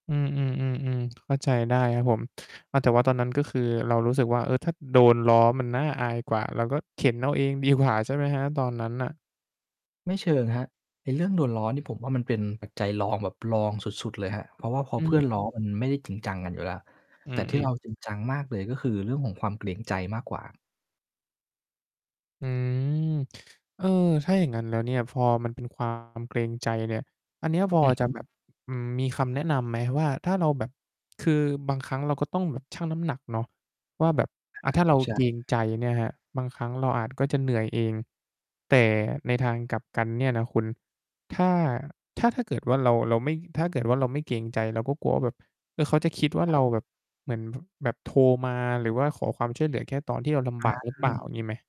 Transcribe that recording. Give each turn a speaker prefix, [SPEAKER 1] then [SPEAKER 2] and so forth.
[SPEAKER 1] อืม ๆ ๆ ๆ เข้าใจได้ครับผม ว่าแต่ว่าตอนนั้น ก็คือเรารู้สึกว่า เออ ถ้าโดนล้อมันน่าอายกว่า เราก็เข็นเอาเองดีกว่า ใช่ไหมครับ ตอนนั้นน่ะ?
[SPEAKER 2] ไม่เชิงครับ ไอ้เรื่องโดนล้อนี่ผมว่า มันเป็นปัจจัยรองแบบรองสุด ๆ เลยครับ เพราะว่าพอ
[SPEAKER 1] อ
[SPEAKER 2] เพื่อ
[SPEAKER 1] ืม
[SPEAKER 2] นล้อมันไม่ได้จริงจังกันอยู่แล้ว
[SPEAKER 1] อื
[SPEAKER 2] แต่ที่
[SPEAKER 1] อ
[SPEAKER 2] เรา
[SPEAKER 1] ๆ
[SPEAKER 2] จริงจังมากเลย ก็คือเรื่องของความเกรงใจมากกว่า
[SPEAKER 1] อืม เออ ถ้าอย่างงั้นแล้วเนี่ย พอมันเป็น ความ เกรงใจเนี่ย อันเนี้ยพอ
[SPEAKER 2] อือ
[SPEAKER 1] จ
[SPEAKER 2] ฮ
[SPEAKER 1] ะ
[SPEAKER 2] ึ
[SPEAKER 1] แบบ อืม มีคำแนะนำไหมว่า ถ้าเราแบบ คือบางครั้งเราก็ต้องแบบชั่งน้ำหนักเนาะ ว่าแบบ
[SPEAKER 2] อา
[SPEAKER 1] อะ ถ้าเรา
[SPEAKER 2] ใช่
[SPEAKER 1] เกรงใจเนี่ยครับ บางครั้งเราอาจ ก็จะเหนื่อยเอง แต่ในทางกลับกันเนี่ยนะคุณ ถ้า ถ้า ถ้าเกิดว่าเรา เราไม่ ถ้าเกิดว่าเราไม่เกรงใจ เราก็กลัวว่าแบบ เออ เขาจะคิดว่า
[SPEAKER 2] คร
[SPEAKER 1] เ
[SPEAKER 2] ั
[SPEAKER 1] ร
[SPEAKER 2] บ
[SPEAKER 1] าแบบเหมือน แบบโทรมา หรือว่าขอความช่วยเหลือแค่ตอนที่เราลำบ
[SPEAKER 2] อ
[SPEAKER 1] ากหรือเปล่า
[SPEAKER 2] า
[SPEAKER 1] งี้ไหม?